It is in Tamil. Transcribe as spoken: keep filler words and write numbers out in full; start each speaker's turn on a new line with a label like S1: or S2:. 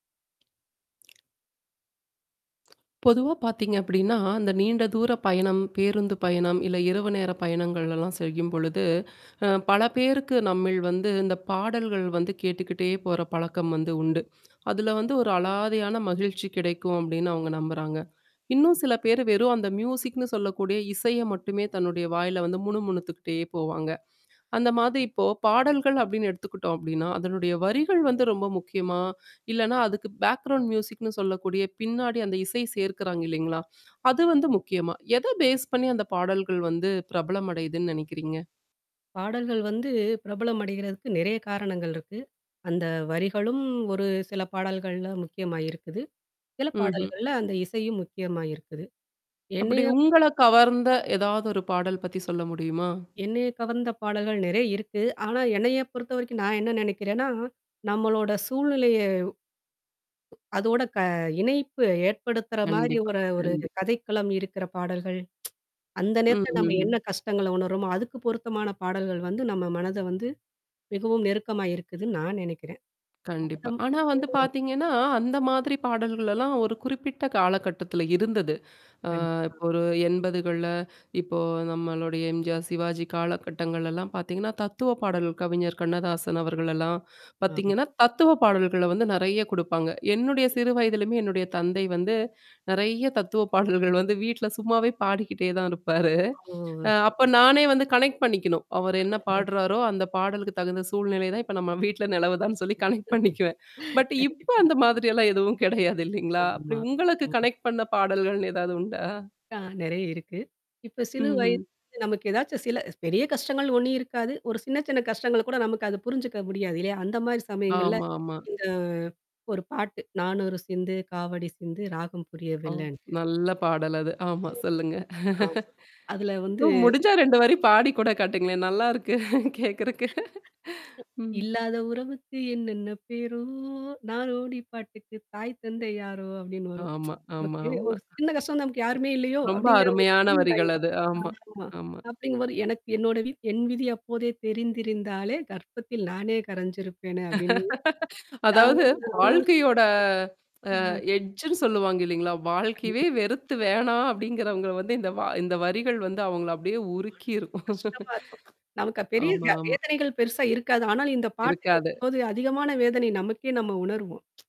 S1: பொதுவா பார்த்தீங்க அப்டின்னா, அந்த நீண்ட தூர பயணம், பேருந்து பயணம், இல்ல இரவு நேர பயணங்கள்லாம் செய்யும்பொழுது, அ பல பேருக்கு நம்மிழ் வந்து இந்த பாடல்கள் வந்து கேட்டுக்கிட்டே போற பழக்கம் வந்து உண்டு. அதுல வந்து ஒரு அலாதையான மகிழ்ச்சி கிடைக்கும் அப்டின்னு அவங்க நம்புறாங்க. இன்னும் சில பேரு வெறும் அந்த மியூசிக்னு சொல்லக்கூடிய இசைய மட்டுமே தன்னுடைய வாயில வந்து முணு முணுத்துக்கிட்டே போவாங்க. அந்த மாதிரி இப்போ பாடல்கள் அப்டின்னு எடுத்துக்கிட்டோம் அப்டின்னா, அதனுடைய வரிகள் வந்து ரொம்ப முக்கியமா? இல்லன்னா அதுக்கு பேக்ரவுண்ட் மியூசிக்னு சொல்லக்கூடிய பின்னாடி அந்த இசை சேர்க்குறாங்க இல்லலைங்களா? அது வந்து முக்கியமா? எத பேஸ் பண்ணி அந்த பாடல்கள் வந்து பிரபலம் அடையுதுன்னு நெனைக்கிறீங்க?
S2: பாடல்கள் வந்து பிரபலம் அடைகிறதுக்கு நெறைய காரணங்கள் இருக்கு. அந்த வரிகளும் ஒரு சில பாடல்கள்ல முக்கியமாயிருக்குது. சில
S1: ம்ஹ்ம்.
S2: பாடல்கள்ல அந்த இசையும் முக்கியமா இருக்குது.
S1: அப்டி
S2: என்னைய
S1: உங்கள கவர்ந்த ஏதாவது ஒரு பாடல் பத்தி சொல்ல முடியுமா?
S2: என்னைய கவர்ந்த பாடல்கள் நெறைய இருக்கு. ஆனா என்னைய பொறுத்தவரைக்கும் நான் என்ன நெனைக்கிறேன்னா, நம்மளோட சூழ்நிலைய, அதோட க இணைப்பு ஏற்படுத்துற மாரி
S1: கண்டிப்பா,
S2: ஒரு ஒரு
S1: கண்டிப்
S2: கதைக்களம் இருக்கிற பாடல்கள். அந்த
S1: ம்,
S2: நேரத்துல நம்ம என்ன
S1: ம்.
S2: கஷ்டங்கள உணர்றோமோ, அதுக்கு பொருத்தமான பாடல்கள் வந்து நம்ம மனத வந்து மிகவும் நெருக்கமா இருக்குதுன்னு நான் நெனைக்கிறேன்.
S1: கண்டிப்பா. ஆனா வந்து
S2: [unintelligible]
S1: பார்த்தீங்கன்னா, அந்த மாதிரி பாடல்கள்லாம் ஒரு குறிப்பிட்ட காலகட்டத்தில இருந்தது. அ
S2: கண்டிப்பா.
S1: இப்போ ஒரு எண்பதுகள்ல இப்போ நம்மளுடைய எம்ஜிஆர், சிவாஜி காலகட்டங்கள்லல்லாம் பார்த்தீங்கன்னா, தத்துவ பாடல் கவிஞர் கண்ணதாசன் அவர்கள்லாம்,
S2: ஆமா.
S1: பார்த்தீங்கன்னா, தத்துவ பாடல்கள வந்து நெறைய குடுப்பாங்க. என்னுடைய சிறு வயதலயமே என்னுடைய தந்தை வந்து நெறைய தத்துவ பாடல்கள் வந்து வீட்ல சும்மாவே பாடிக்கிட்டே தான் இருப்பாரு.
S2: ஓ!
S1: அ அப்ப
S2: சரி, சரி.
S1: நானே வந்து கனெக்ட் பண்ணிக்கணும். அவர் என்ன
S2: ஆமா.
S1: பாடுறாரோ அந்த பாடலுக்கு தகுந்த சூழ்நிலை தான் இப்ப நம்ம வீட்ல நிலவுதான்னு சொல்லி கனெக்ட் பண்ணிக்குவேன். பட் இப்ப
S2: கண்டிப்பா.
S1: அந்த மாதிரிெல்லாம் எதுவும் கிடையாது இல்லைங்களா? அப்டி
S2: ஆமா.
S1: உங்களுக்கு
S2: ஆமா.
S1: கனெக்ட் பண்ண பாடல்கள்னு ஏதாவது உண்டா?
S2: ஆ நெறைய இருக்கு. இப்ப சிலு
S1: ம்ஹ்ம்.
S2: வயதுல நமக்கு ஏதாச்சும் சில பெரிய கஷ்டங்கள் ஒண்ணும் இருக்காது. ஒரு சின்ன சின்ன கஷ்டங்கள கூட நமக்கு அத புரிஞ்சுக்க முடியாது. இல்லையா? அந்த மாரி சமயங்கள்ல.
S1: ஆமாமா.
S2: இந்த ஒரு பாட்டு. நானொரு சிந்து, காவடி சிந்து, ராகம் புரிய
S1: ஓ!
S2: வில்லன்ட்டு.
S1: நல்ல பாடல் அது. ஆமா சொல்லுங்க.
S2: ஆ. ஆம். அதுல வந்து
S1: ஓ! முடிஞ்சா ரெண்டு வரி பாடி கூட காட்டுங்களேன்!
S2: ஒரு
S1: நல்லாருக்கு. கேட்கறக்கு. ம்.
S2: இல்லாத உறவுக்கு என்னென்ன பேரோ! நாரோடி பாட்டுக்கு தாய் தந்தை யாரோ! அப்டின்னு வரும்.
S1: ஆமா, ஆமா,
S2: நமக்கு
S1: ஆமா.
S2: ஒரு சின்ன கஷ்டம் நமக்கு யாருமே இல்லையோ!
S1: ரொம்ப
S2: அப்டிங்கிற
S1: அருமையான வரிகள்
S2: [unintelligible]
S1: அது, ஆமா.
S2: ஆமா.
S1: ஆமா.
S2: அப்டிங்கம்போது எனக்கு என்னோட வி என் விதி அப்போதே தெரிந்திருந்தாலே கர்ப்பத்தில் நானே கரைஞ்சிருப்பேனு அப்டின்னு ஆ
S1: அதாவது
S2: [unintelligible]
S1: வாழ்க்கையோட அ
S2: அ.
S1: எட்ஜ்ன்னு சொல்லுவாங்க இல்லைங்களா? வாழ்க்கையவே
S2: கண்டி
S1: வெறுத்து வேணாம் அப்டிங்கிறவங்கள வந்து இந்த வ இந்த வரிகள் வந்து அவங்கள அப்டியே
S2: மனசு
S1: உருக்கிரும்.
S2: கஷ்டமா இருக்கும். நமக்கு பெரிய
S1: ஆமா,
S2: வ
S1: ஆமா.
S2: வேதனைகள் பெருசா இருக்காது. ஆனால் இந்த பாட்டு
S1: இருக்காது.
S2: கேக்கும்போது அதிகமான வேதனை நமக்கே நம்ம உணருவோம்.